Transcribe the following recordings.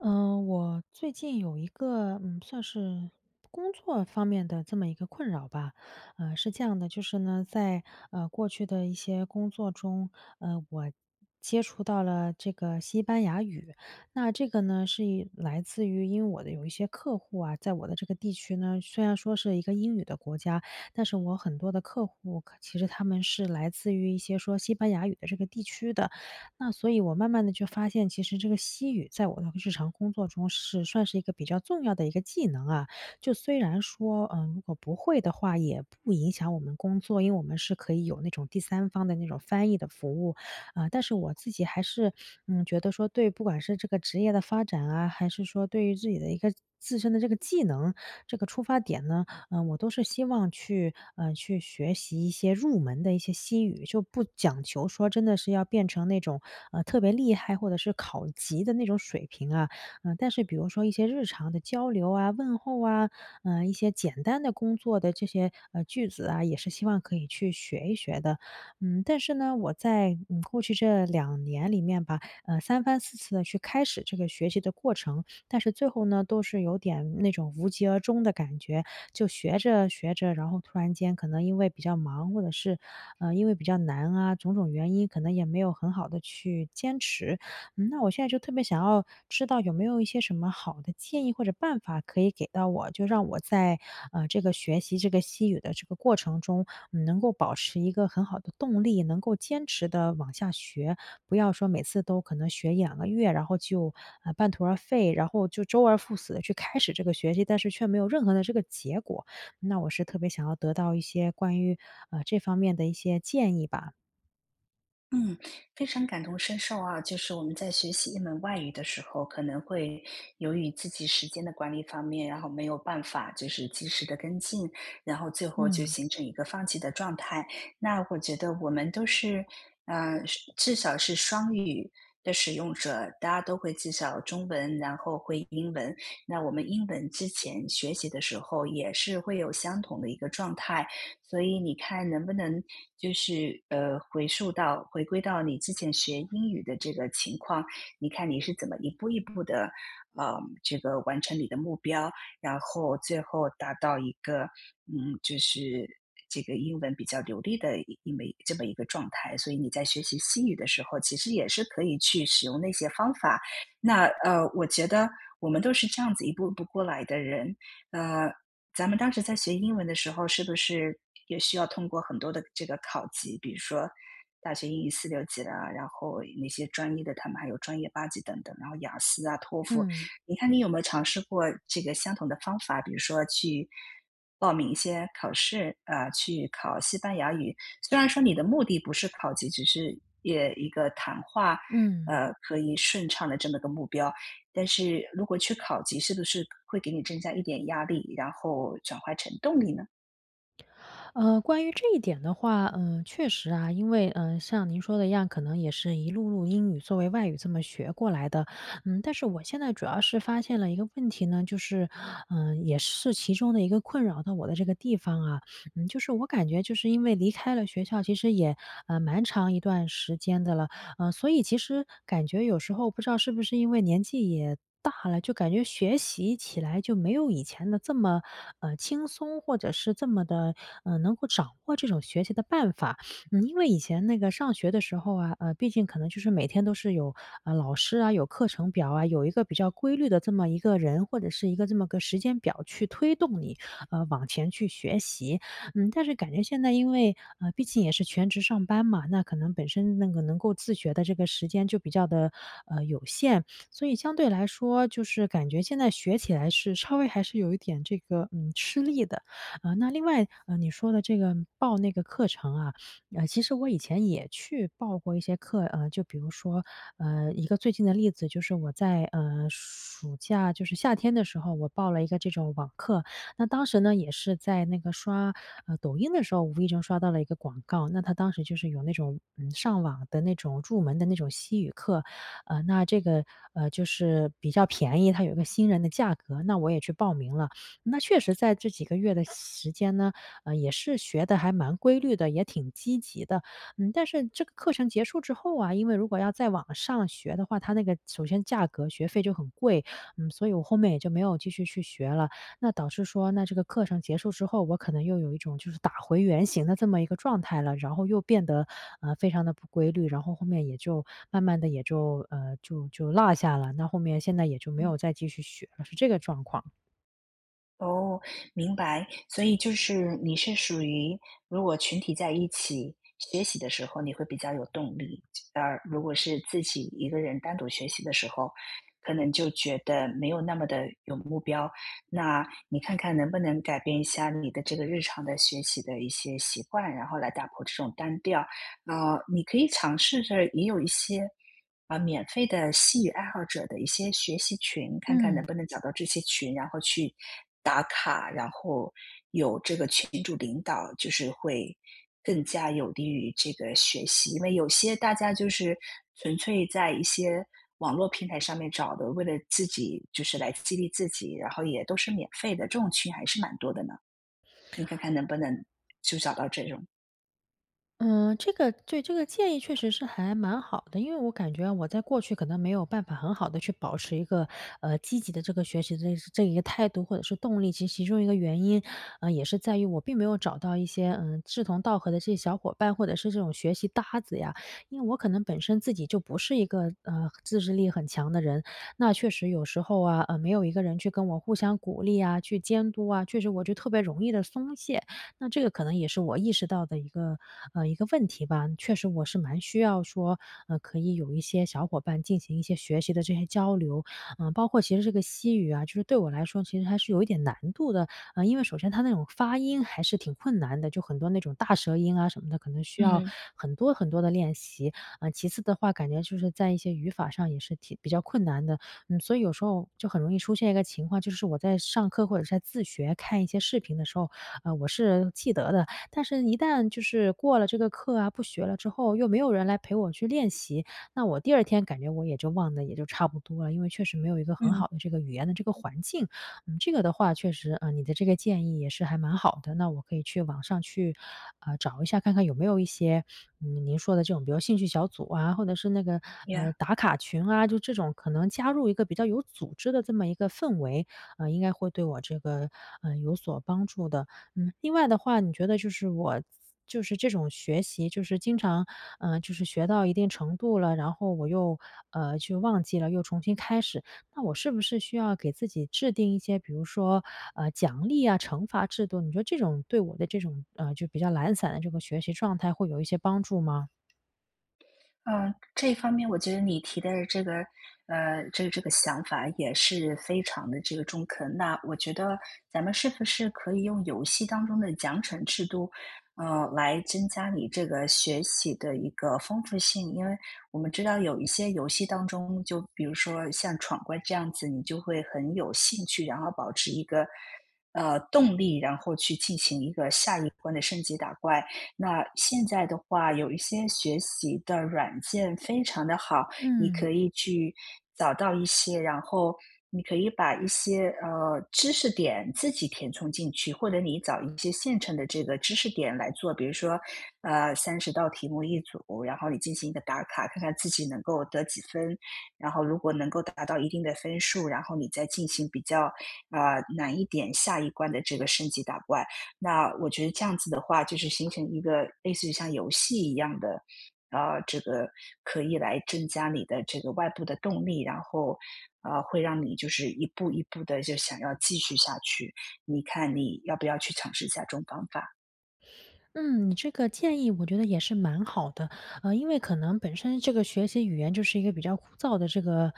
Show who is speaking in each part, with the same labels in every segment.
Speaker 1: 呃，我最近有一个，嗯，算是工作方面的这么一个困扰吧。呃，是这样的就是呢，在，呃，过去的一些工作中，呃，我接触到了这个西班牙语，那这个呢，是因来自于因为我的有一些客户啊，在我的这个地区呢，虽然说是一个英语的国家，但是我很多的客户，可其实他们是来自于一些说西班牙语的这个地区的。那所以我慢慢地就发现，其实这个西语在我的日常工作中是算是一个比较重要的一个技能啊，就虽然说，呃，如果不会的话，也不影响我们工作，因为我们是可以有那种第三方的那种翻译的服务，呃，但是我自己还是，嗯，觉得说，对不管是这个职业的发展啊，还是说对于自己的一个自身的这个技能，这个出发点呢，呃，我都是希望去，呃，去学习一些入门的一些西语。就不讲求说真的是要变成那种，呃，特别厉害，或者是考级的那种水平啊。呃，但是比如说一些日常的交流啊，问候啊，呃，一些简单的工作的这些，呃，句子啊，也是希望可以去学一学的。嗯，但是呢，我在，嗯，过去这2年里面吧，呃，3番4次地去开始这个学习的过程，但是最后呢都是有点那种无疾而终的感觉。就学着学着，然后突然间可能因为比较忙，或者是，呃，因为比较难啊，种种原因可能也没有很好地去坚持。那我现在就特别想要知道有没有一些什么好的建议或者办法可以给到我，就让我在，呃，这个学习这个西语的这个过程中，嗯，能够保持一个很好的动力，能够坚持地往下学，不要说每次都可能学1-2个月，然后就，呃，半途而废，然后就周而复始地去开始这个学习，但是却没有任何的这个结果。那我是特别想要得到一些关于，呃，这方面的一些建议吧。
Speaker 2: 嗯，非常感同身受啊，就是我们在学习一门外语的时候，可能会由于自己时间的管理方面，然后没有办法就是及时地跟进，然后最后就
Speaker 1: 嗯。
Speaker 2: 形成一个放弃的状态。那我觉得我们都是，呃，是至少是双语的使用者，大家都会至少中文，然后会英文，那我们英文之前学习的时候也是会有相同的一个状态，所以你看能不能就是，呃，回溯到回归到你之前学英语的这个情况，你看你是怎么一步一步地，啊，这个完成你的目标，然后最后达到一个，嗯，就是这个英文比较流利地英文这么一个状态。所以你在学习西语的时候，其实也是可以去使用那些方法。那，呃，我觉得我们都是这样子一步步过来的人。呃，咱们当时在学英文的时候，是不是也需要通过很多的这个考级，比如说大学英语四六级的，然后那些专业的，它们还有专业八级等等，然后雅思啊托福，
Speaker 1: 嗯。
Speaker 2: 你看你有没有尝试过这个相同的方法，比如说去报名一些考试，啊，去考西班牙语？虽然说你的目的不是考级，只是也一个谈话，
Speaker 1: 嗯。
Speaker 2: 呃，可以顺畅地这么个目标，但是如果去考级是不是会给你增加一点压力，然后转化成动力呢？
Speaker 1: 呃，关于这一点的话，呃，确实啊，因为，嗯，像您说的一样，可能也是一路路英语作为外语这么学过来的。嗯，但是我现在主要是发现了一个问题呢就是嗯，也是其中的一个困扰到我的这个地方啊。嗯，就是我感觉就是因为离开了学校其实也，呃，蛮长一段时间的了。呃，所以其实感觉有时候不知道是不是因为年纪也大了，就感觉学习起来就没有以前地这么，呃，轻松，或者是这么地，呃，能够掌握这种学习的办法。嗯，因为以前那个上学的时候啊，呃，毕竟可能就是每天都是有，呃，老师啊、有课程表啊、有一个比较规律的这么一个人或者是一个这么个时间表去推动你，呃，往前去学习。嗯，但是感觉现在因为呃，毕竟也是全职上班嘛，那可能本身那个能够自学的这个时间就比较地，呃，有限，所以相对来说就是感觉现在学起来是稍微还是有一点这个，呃，吃力的。啊，那另外，呃，你说的这个报那个课程啊，呃，其实我以前也去报过一些课。呃，就比如说，呃，一个最近的例子，就是我在，呃，暑假就是夏天的时候，我报了一个这种网课。那当时呢也是在那个刷，呃，抖音的时候无意中刷到了一个广告，那它当时就是有那种，嗯，上网的那种入门的那种西语课。呃，那这个，呃，就是比较便宜，它有个新人的价格，那我也去报名了。那确实在这几个月的时间呢，呃，也是学得还蛮规律的，也挺积极的。嗯，但是这个课程结束之后啊，因为如果要再往上学的话，它那个首先价格学费就很贵，嗯，所以我后面也就没有继续去学了。那导致说那这个课程结束之后，我可能又有一种就是打回原形的这么一个状态了，然后又变得，呃，非常地不规律。然后后面也就慢慢地也就嗯，就就落下了，那后面现在也就没
Speaker 2: 嗯。
Speaker 1: 有再继续学了，是这个状况。
Speaker 2: 哦，明白。所以就是你是属于如果群体在一起学习的时候，你会比较有动力，啊，如果是自己一个人单独学习的时候，可能就觉得没有那么地有目标，那你看看能不能改变一下你的这个日常的学习的一些习惯，然后来打破这种单调？啊，你可以尝试着也有一些，啊，免费的西语爱好者的一些学习群，看看能
Speaker 1: 嗯。
Speaker 2: 不能找到这些群，然后去打卡，然后有这个群主领导，就是会更加有利于这个学习。因为有些大家就是纯粹在一些网络平台上面找的，为了自己就是来激励自己，然后也都是免费的，这种群还是蛮多的呢。你看看能不能就找到这种？
Speaker 1: 嗯，这个对，这个建议确实是还蛮好的，因为我感觉我在过去可能没有办法很好地去保持一个，呃，积极的这个学习的这一个态度，或者是动力，其实其中一个原因，呃，也是在于我并没有找到一些，呃，志同道合的这些小伙伴，或者是这种学习搭子呀。因为我可能本身自己就不是一个，呃，自制力很强的人，那确实有时候啊，呃，没有一个人去跟我互相鼓励啊，去监督啊，确实我觉得特别容易地松懈，那这个可能也是我意识到的一个，呃一个问题吧。确实我是蛮需要说，呃，可以有一些小伙伴进行一些学习的这些交流，呃，包括其实这个西语啊，就是对我来说其实还是有一点难度的，呃，因为首先它那种发音还是挺困难的，就很多那种大舌音啊什么的，可能需要
Speaker 2: 嗯。
Speaker 1: 很多很多地练习，呃，其次的话，感觉就是在一些语法上也是挺比较困难的。嗯，所以有时候就很容易出现一个情况，就是我在上课或者是在自学看一些视频的时候，呃，我是记得的，但是一旦就是过了这个课啊，不学了之后，又没有人来陪我去练习，那我第2天感觉我也就忘得也就差不多了，因为确实没有一个很好
Speaker 2: 嗯。
Speaker 1: 的这个语言的这个环境，嗯，这个的话确实，呃，你的这个建议也是还蛮好的，那我可以去网上去，呃，找一下，看看有没有一些，呃，您说的这种兴趣小组啊，或者是那个，
Speaker 2: 呀。
Speaker 1: 呃，打卡群啊，就这种可能加入一个比较有组织的这么一个氛围，呃，应该会对我这个，呃，有所帮助的。嗯，另外的话，你觉得就是我就是这种学习，就是经常，呃，就是学到一定程度了，然后我又，呃，去忘记了，又重新开始，那我是不是需要给自己制定一些，比如说，呃，奖励啊，惩罚制度，你觉得这种对我的这种，呃，就比较懒散的这个学习状态会有一些帮助吗？
Speaker 2: 嗯，这方面我觉得你提的这个，呃，这这个想法也是非常地这个中肯，那我觉得咱们是不是可以用游戏当中的奖惩制度，呃，来增加你这个学习的一个丰富性。因为我们知道有一些游戏当中，就比如说像闯关这样子，你就会很有兴趣，然后保持一个，呃，动力，然后去进行一个下一波的升级打怪。那现在的话有一些学习的软件非常地好，你可
Speaker 1: 嗯。
Speaker 2: 以去找到一些，然后你可以把一些，呃，知识点自己填充进去，或者你找一些现成的这个知识点来做，比如说，呃，30道题目一组，然后你进行一个打卡，看看自己能够得几分，然后如果能够达到一定的分数，然后你再进行比较，呃，难一点下一关的这个升级打怪，那我觉得这样子的话，就是形成一个类似于像游戏一样的，啊，这个可以来增加你的这个外部的动力，然后，呃，会让你就是一步一步地就想要继续下去，你看你要不要去尝试下这种方法？
Speaker 1: 嗯，这个建议我觉得也是蛮好的。呃，因为可能本身这个学习语言，就是一个比较枯燥的这个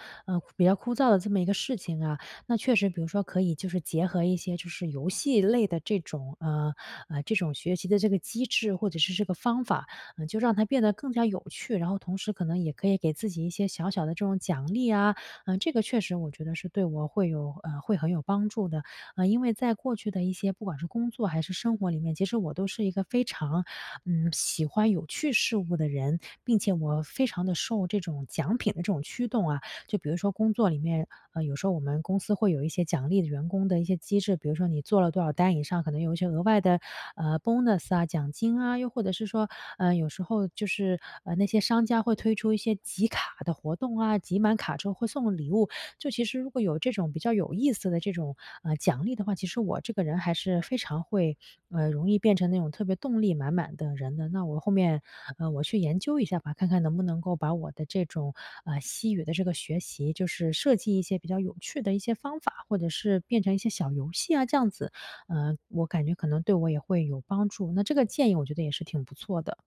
Speaker 1: 比较枯燥的这么一个事情啊。那确实比如说可以就是结合一些就是游戏类的这种，呃呃这种学习的这个机制，或者是这个方法，就让它变得更加有趣。然后同时可能，也可以给自己一些小小的这种奖励啊。这个确实我觉得对我会有，嗯会很有帮助的。啊，因为在过去的一些，不管是工作还是生活里面，其实我都是一个非常，嗯，喜欢有趣事物的人，并且我非常的受这种奖品的，这种驱动啊。就比如说工作里面，呃，有时候我们公司会有一些奖励的员工的一些机制，比如说你做了多少单以上，可能有一些额外的，呃，bonus 啊，奖金啊。又或者是说，呃，有时候就是，呃，那些商家，会推出一些集卡的活动啊，集满卡之后会送礼物。就其实如果有这种比较有意思的这种，呃，奖励的话，其实我这个人还是非常会，呃容易变成那种特别动力满满的人的。那我后面，呃我去研究一下吧，看看能不能够把我的这种，呃，西语的这个学习，就是设计一些比较有趣的一些方法，或者是变成一些小游戏啊，这样子，呃，我感觉可能对我也会有帮助，那这个建议我觉得也是挺不错的。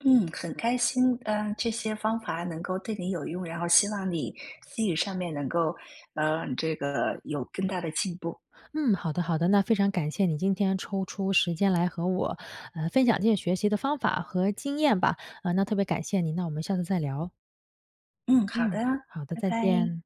Speaker 2: 嗯，很开心，呃，这些方法能够对你有用，然后希望你，西语上面能够，呃，这个有更大的进步。
Speaker 1: 嗯，好的好的，那非常感谢你今天抽出时间，来和我，呃，分享这些学习的方法和经验吧。呃，那特别感谢你，那我们下次再聊。
Speaker 2: 嗯，好
Speaker 1: 嗯，
Speaker 2: 的，
Speaker 1: 好的，
Speaker 2: 拜
Speaker 1: 再
Speaker 2: 拜。
Speaker 1: 见。